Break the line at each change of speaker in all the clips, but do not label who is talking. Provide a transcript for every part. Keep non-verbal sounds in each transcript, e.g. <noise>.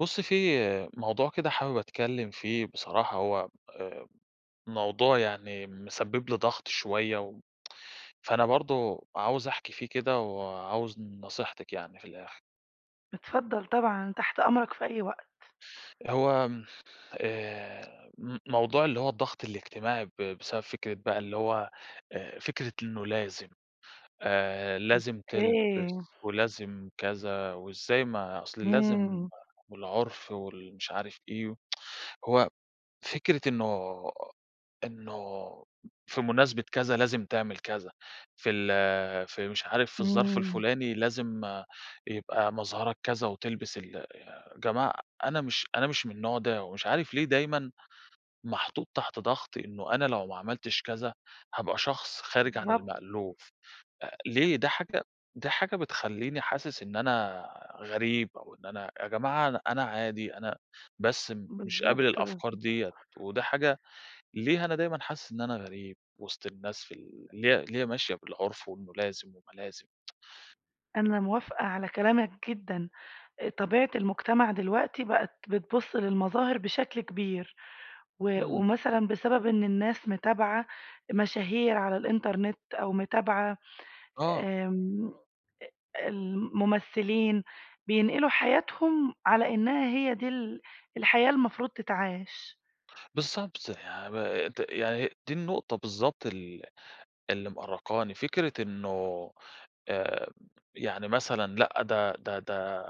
بُصي في موضوع كده حابب أتكلّم فيه بصراحة هو آآ موضوع يعني مسبّب لي ضغط شوية و فأنا برضه عاوز أحكي فيه كده وعاوز نصيحتِك يعني في الآخر.
اتفضل طبعًا، تحت أمرك في أي وقت.
هو م آآ م موضوع اللي هو الضغط الاجتماعي ب بسبب فكرة بقى اللي هو آآ فكرة إنه لازم، آآ لازم
أوكي.
تلبس ولازم كذا وإزاي؟ ما أصل لازم
إمم.
والعُرف وال مش عارف إيه <tsk> هو فكرة إنه إنه في مناسبة كذا لازم تعمل كذا في ال في مش عارف في الظرف
إمم.
الفلاني لازم يبقى مظهرك كذا وتلبس ال جماعة أنا مش أنا مش من النوع ده ومش عارف ليه دايمًا محطوط تحت ضغط إنه أنا لو ما عملتش كذا هابقى شخص خارج عن
بالضبط.
المألوف، أ ليه ده حاجة ده حاجة بتخلّيني حاسس إن أنا غريب أو إن أنا يا جماعة أنا أنا عادي أنا بس مش قابل
بالضبط.
الأفكار
صح.
ديّة وده حاجة ليه أنا دايمًا حاسس إن أنا غريب وسط الناس في ال اللي اللي هي ماشية بالعُرف وإنه لازم وإنه لازم؟
أنا موافِقة على كلامَك جدًّا، آآ، طبيعة المجتمع دلوقتي بقِت بتبُصّ للمظاهر بشكل كبير، و
إمم.
ومثلًا بسبب إن الناس متابِعة مشاهير على الإنترنت، أو متابِعة
آه.
آمم، ال الممثِّلين، بينقلوا حياتهم على إنها هي دي ال الحياة المفروض تتعاش.
بالضبط، يعني ب د يعني دي النقطة بالضبط ال اللي مأرّقاني. فكرة إنه آآ، يعني مثلًا، لأ، ده ده ده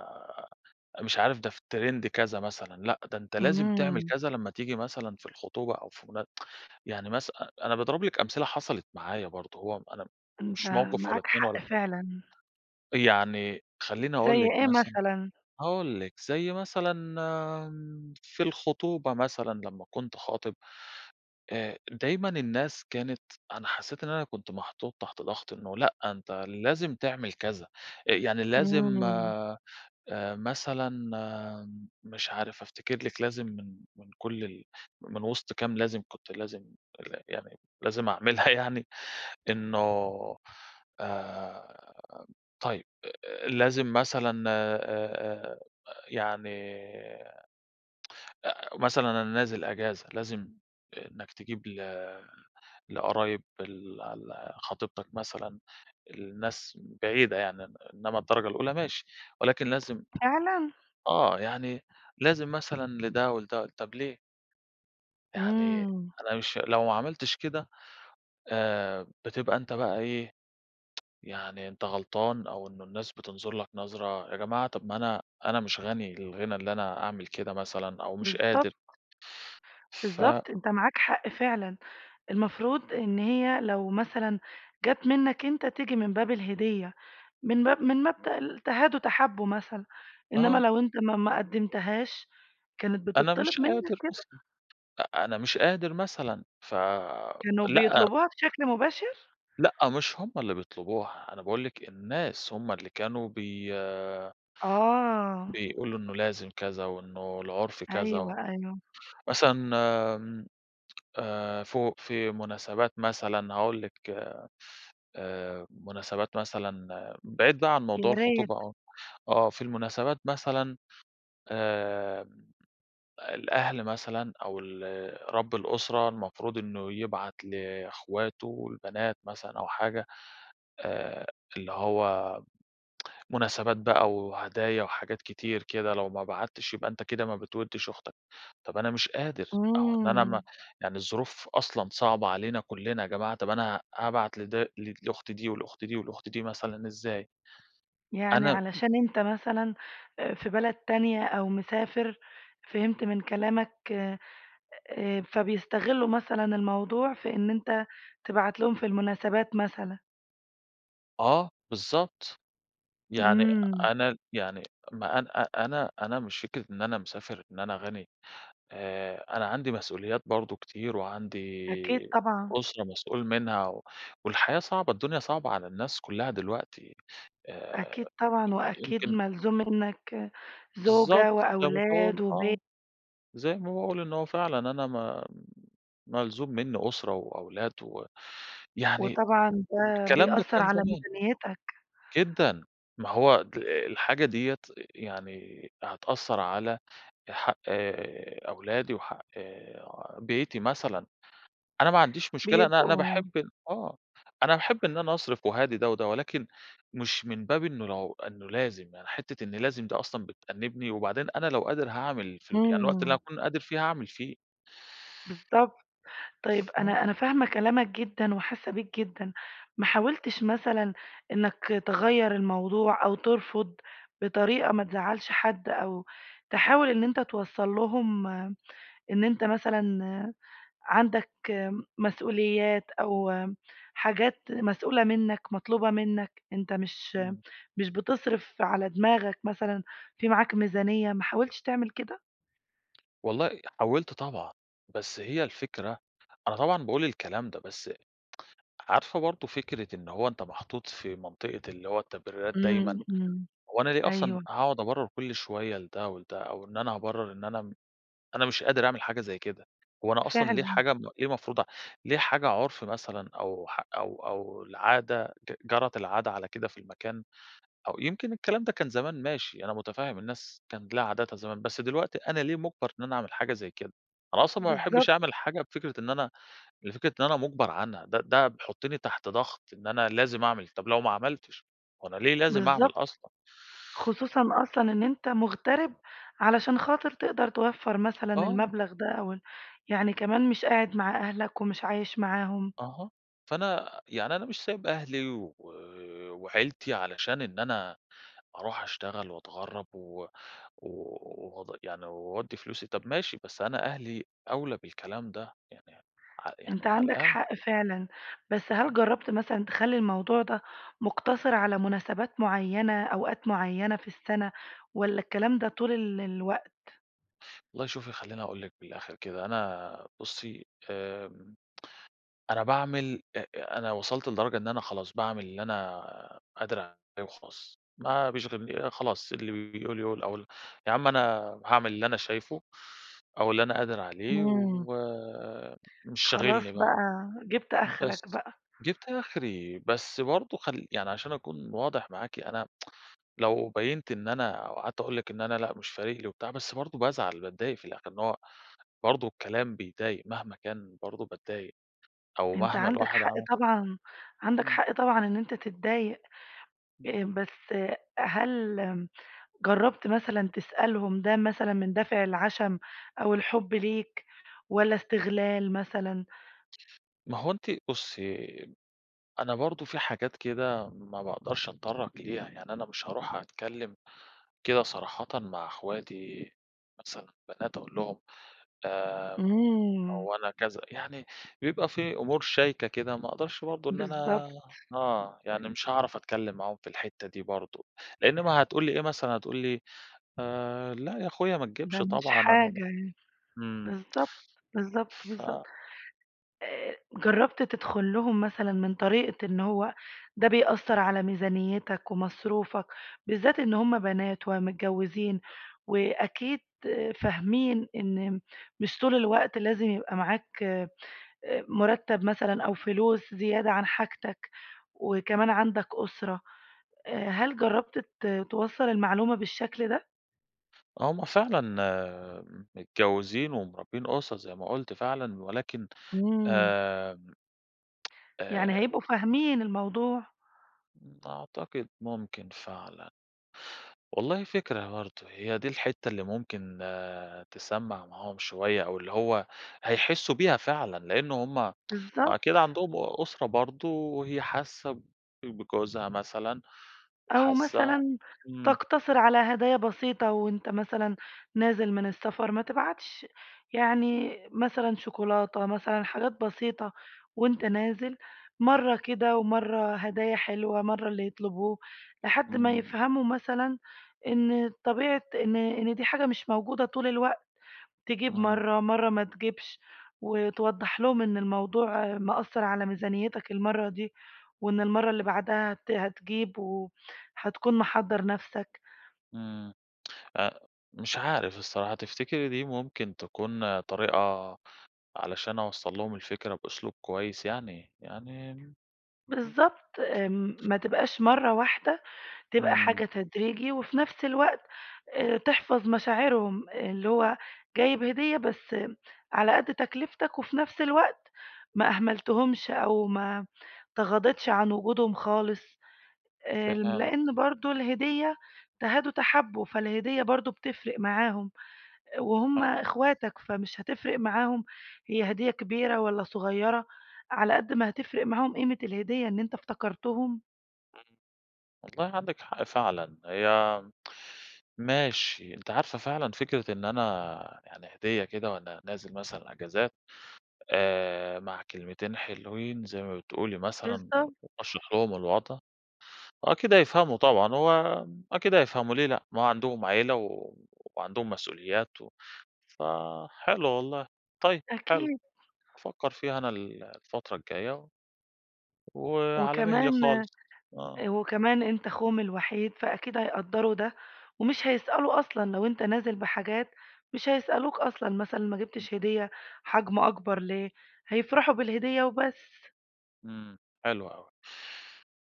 مش عارف، ده في trend كذا مثلًا. لأ ده أنتَ لازِم تعمل
إمم.
كذا لمَّا تيجي مثلًا في الخُطوبة أو في منا <tsk> يعني مثلًا أ أنا باضرِب لِك أمثلة حصلت معايا برضه. هو أنا
أنتَ
مش موقف ولا
معاك
2
حق
ولا
فعلًا.
تلا يعني خلِّيني
زي
أقول لِك
إيه
مثلًا،
مثلًا؟
هاقول لِك زي مثلًا في الخُطوبة، مثلًا لمَّا كنت خاطِب، آآ، دايمًا الناس كانت أنا حسِّيت إن أنا كنت محطوط تحت ضغط إنه "لأ، أنتَ لازم تعمل كذا." آآ يعني لازم
إمم.
آآ، مثلًا مش عارف أفتكر لِك، لازم من من كل ال من وسط كام لازم كنت لازم يعني، لازِم أعملها يعني. إنه آآ، طيب، لازم مثلًا آآ آآ، يعني <tsk> مثلًا أنا نازل أجازة، لازِم إنَّك تجيب ل لقرايب ال ال خطيبتَك مثلًا، الناس بعيدة يعني. إنما الدرجة الأولى ماشي، ولكن لازِم
فعلًا؟!
آه يعني، لازم مثلًا لده ولده، طَب ليه؟ يعني
إمم.
أنا مش لو ما عملتش كده. آآ، بتبقى أنت بقى إيه، <tsk> يعني أنت غلطان أو إنّه الناس بتنظُر لك نظرة، يا جماعة، طَب ما أنا أنا مش غني الغِنى اللي أنا أعمل كده مثلًا، أو مش قادر.
بالضبط.
ف
بالضبط، أنت معاك حق فعلًا، المفروض إن هي لو مثلًا جات منّك أنت، تيجي من باب الهديّة، من مب من مبدأ تهادوا تحابوا مثلًا. إنّما
آه.
لو أنت ما ما قَدِّمتهاش، كانت
أنا مش
بتتطّلب منك
قادر
كده؟
مثلًا، أ أنا مش قادر مثلًا ف
كانوا
لأ.
بيطلبوها بشكل مباشر؟
لأ، مش هُم اللي بيطلبوها، أنا باقول لِك الناس هُم اللي كانوا بي
آه.
بيقولوا إنّه لازم كذا، وإنّه العُرف
أيوه،
كذا،
أيوه.
مثلًا آمم. آآ فوق في مناسبات مثلًا، هاقول لِك آآ، مناسبات مثلًا، بعيد بقى عن
يا
موضوع
ريت.
الخطوبة آه. آه في المناسبات مثلًا آآ، الأهل مثلًا أو ال رب الأُسرة المفروض إنّه يبعت لأخواته البنات مثلًا أو حاجة، آآ اللي هو <tsk> مناسبات بقى وهدايا وحاجات كتير كده، لو ما بعَتتش يبقى أنت كده ما بتودّش أختك. طَب أنا مش قادر، أو إن أنا
إمم.
ما يعني الظروف أصلًا صعبًة علينا كلّنا يا جماعة. طَب أنا هابعت لد لأختي دي ولأختي دي ولأختي دي مثلًا إزاي!
يعني
أنا
علشان أنت مثلًا آآ في بلد تانية أو مسافر، فهمت من كلامك آآ، فبيستغلّوا مثلًا الموضوع في إن أنت تبعَت لهم في المناسبات مثلًا.
آه، بالضبط، يعني
إمم.
أنا يعني ما أنا أ أ أنا أنا مش فكرة إن أنا مسافر إن أنا غَنِي، آآ أنا عندي مسئوليات برضو كتير، وعندي
أكيد طبعًا.
أُسرة مسئول منها، و والحياة صعبة، الدنيا صعبة على الناس كُلّها دلوقتي، آآ
أكيد طبعًا، وأكيد
يمكن
ملزوم مِنك
بالضبط،
زوجة
زي ما باقول
وأولاد
آه،
وبي
زي ما باقول إن هو فعلًا أنا ما ملزوم مني أُسرة وأولاد و يعني
وطبعًا ده
الكلام ده
بيأثر
كان
على
زمان.
ميزانيتك؟
جدًا، ما هو د ال الحاجة ديّة، يعني هتأثر على حق أولادي وحق آآ بيتي مثلًا، أنا ما عنديش مشكلة أنا أنا
بيبقوا
باحب آه، أنا باحب إن أنا أصرف وأهادي ده وده، ولكن مش من باب إنه لو إنه لازم، يعني حِتّة إن لازم دي أصلًا بتأنبني، وبعدين أنا لو قادر هاعمل في ال يعني الوقت اللي
امم.
أكون قادر فيه هاعمل فيه.
بالضبط، طيب
آه.
أنا أنا فاهمة كلامك جدًا، وحاسة بيك جدًا، ما حاولتش مثلًا إنك تغيَّر الموضوع أو ترفض، بطريقة ما تزعلش حد أو تحاول إن أنت توصل لهم، إن أنت مثلًا عندك مسئوليات، أو حاجات مسئولة منك، مطلوبة منك، أنت مش
إمم.
مش بتصرف على دماغك مثلًا، فيه معاك ميزانية، ما حاولتش تعمل كده؟
والله حاولت طبعًا. بس هي الفكرة أنا طبعًا باقول الكلام ده بس عارفة برضه فكرة إن هو أنت محطوط في منطقة اللي هو التبريرات دايمًا.
إمم، إمم.
هو أنا ليه أصلًا
أيوه.
هاقعُد أبرّر كل شوية لده و لده أو إن أنا أبرّر إن أنا م أنا مش قادر أعمل حاجة زي كده، هو أنا أصلًا ليه
فعلًا.
الحاجة ب ليه مفروضة؟ ليه حاجة عُرْف مثلًا أو ح أو أو العادة ت جَرَت العادة على كده في المكان، أو يمكن الكلام ده كان زمان ماشي، أنا مُتفهِّم الناس كانت لها عاداتها زمان، بس دلوقتي أنا ليه مُجبَر إن أنا أعمل حاجة زي كده؟ أنا أصلًا ما
بالضبط.
باحبّش أعمل حاجة بفكرة إن أنا لفكرة إن أنا مُجبَر عنها. ده ده بيحُطّني تحت ضَغْط إن أنا لازم أعمل، طَب لو ما عملتش وأنا ليه لازم أعمل
بالضبط.
أصلًا؟!
خصوصًا أصلًا إن أنت مُغترِب علشان خاطر تقدر توفّر مثلًا
آه.
المبلغ ده أوال يعني كمان مش قاعد مع أهلك ومش عايش معاهم.
أها. فأنا يعني أنا مش سايب أهلي و وعيلتي علشان إن أنا أروح أشتغل وأتغرّب و واد يعني واودّي فلوسي، طَب ماشي بس أنا أهلي أولى بالكلام ده، يعني ع
أنت
يعني على
عندك
الأقل
حق فعلًا، بس هل جرّبت مثلًا تخلّي الموضوع ده مُقتصِر على مناسبات معيّنة، أوقات معيّنة في السَنة والّا الكلام ده طول ال الوقت؟
والله شوفي، خلّيني أقول لِك من الآخِر كده، أنا بُصّي آآ، أنا باعمل، أ أنا وصَلت لدرجة إن أنا خلاص، باعمل اللي أنا قادر عليه وخلاص، ما بيشغلن خلاص، اللي بيقول يقول أو ال يا عم أنا هاعمل اللي أنا شايفه أو اللي أنا قادِر عليه
امم.
و مش شاغلني
خلاص
بقى،
بقى جِبت آخرك
بس
بقى.
جِبت آخري، بس برضه خل يعني عشان أكون واضح معاكِ، أنا <tsk> لو بيّنت إن أنا أو قعَدت أقول لِك إن أنا لأ مش فارِق لي وبتاع، بس برضه بازعَل، باتضايق في الآخِر، إن هو برضه الكلام بيضَايق مهما كان برضه باتضايق أو
أنت
مهما
عندك
الواحد
حق
عمل
طبعًا، عندك
امم.
حق طبعًا إن أنت تتضايق.
امم.
آآ بس هل جرّبت مثلًا تسألهم ده مثلًا من دافِع العشَم أو الحُب ليك والّا استغلال مثلًا؟
ما هوَ أنتِ بُصّي، أنا برضه في حاجات كده ما باقدَرش أتطرّق ليها، يعني أنا مش هارُوح أتكلّم كده صراحةً مع أخواتي مثلًا بنات أقول لهم آآ،
امم.
هو أنا كذا، يعني بيبقى في أمور شايكة كده ما أقدَرش برضه إن
بالضبط.
أنا آه يعني مش هاعرف أتكلّم معاهم في الحِتّة دي برضه لإن ما هتقول لي إيه مثلًا هتقول لي لا يا أخويا ما تجيبش
ده مش
طبعًا أنا م
حاجة يعني،
امم.
بالضبط، بالضبط، بالضبط.
ف
آآ جرّبت تدخُل لهم مثلًا من طريقة إن هو ده بيأثّر على ميزانيّتك ومصروفك، بالذات إن هم بنات ومتجوزين وأكيد فاهمين إن مش طول الوقت لازم يبقى معاك آآ مُرتّب مثلًا أو فلوس زيادة عن حاجتك وكمان عندك أسرة، آآ، هل جربت ت توصّل المعلومة بالشكل ده؟
آه، هم فعلًا متجوزين ومربيين أُسر زي ما قُلت فعلًا، ولكن
إمم.
آمم <tsk>
يعني
آآ
هيبقوا فاهمين الموضوع؟
أعتقد ممكن فعلًا. والله فكرة برضه، هي دي الحِتّة اللي ممكن آآ تسمّع معاهم شوية، أو اللي هو هيحسوا بيها فعلًا، لإن هُم <tsk> ما أكيد
بالضبط.
عندهم أُسرة برضه، وهي حاسة بج بجوزها مثلًا
أو
وحاسة
مثلًا
إمم
تقتصر على هدايا بسيطة، وأنت مثلًا نازل من السفر، ما تبعتش يعني مثلًا شوكولاتة، مثلًا حاجات بسيطة، وأنت نازل مَرّة كده، ومَرّة هدايا حلوة، مَرّة اللي يطلبوه، لحد ما
إمم.
يفهموا مثلًا إن طبيعة إن إن دي حاجة مش موجودة طول الوقت، تجيب
إمم.
مَرّة، مَرّة ما تجيبش، وتوضح لهم إن الموضوع مأثر على ميزانيتك المَرّة دي، وإن المَرّة اللي بعدها هت هتجيب، وهتكون محضّر نفسك.
إمم <tsk> أ مش عارف الصراحة، تفتكري دي ممكن تكون طريقة، علشان أوصل لهم الفكرة بأسلوب كويس يعني يعني امم.
بالضبط، آمم، ما تبقاش مَرّة واحدة، تبقى
إمم.
حاجة تدريجي، وفي نفس الوقت آآ تحفظ مشاعرهم، اللي هو جايب هدية بس على قد تكلفتك، وفي نفس الوقت ما أهملتهُمش، أو ما تغاضيتش عن وجودهم خالص، آآ
فهمت.
لإن برضه الهدية تهادوا تحابوا، فالهدية برضه بتفرق معاهم، وهُم
حلو.
إخواتك فمش هتفرق معاهم هي هدية كبيرة والّا صغيرة، على قد ما هتفرق معاهم قيمة الهدية إن أنت افتكرتهم.
امم، والله عندِك حق فعلًا، هي ماشي، أنتِ عارفة فعلًا فكرة إن أنا يعني هدية كده وأنا نازل مثلًا إجازات آآ، مع كلمتين حلوين زي ما بتقولي مثلًا
بالضبط.
وأشرَح لهم الوضْع، أكيد هيفهَموا طبعًا، هو أكيد هيفهَموا ليه لأ، ما عَندهم عيلة و وعندهم مسؤوليات و فحلو والله، طيب
أ
حلو،
أكيد.
أفكّر فيها أنا ال الفترة الجاية وعلى مهلي
وكمان،
خالص، آه.
أ وكمان أنت اخوهم الوحيد فأكيد هيقدّروا ده ومش هيسألوا أصلًا لو أنت نازل بحاجات مش هيسألوك أصلًا مثلًا، ما جِبتش هدية حجم أكبر ليه، هيفرَحوا بالهدية وبس.
إمم، حلو أوي،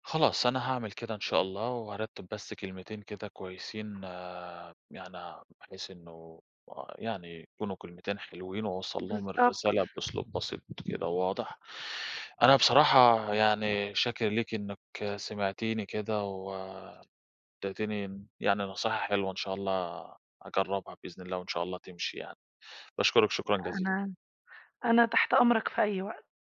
خلاص أنا هاعمل كده إن شاء الله وهارتّب بس كلمتين كده كويسين يعني بحيث إنه يعني يكونوا كلمتين حلوين و أوصّل لهم
بالضبط.
الرسالة بأسلوب بسيط كده وواضح. أنا بصراحة يعني شاكر ليكِ إنِك سمعتيني كده و ادّتيني يعني نصيحة حلوة إن شاء الله أجرّبها بإذن الله وإن شاء الله تمشي يعني، باشكرك، شكرًا جزيلًا.
أنا أنا تحت أمرك في أي وقت.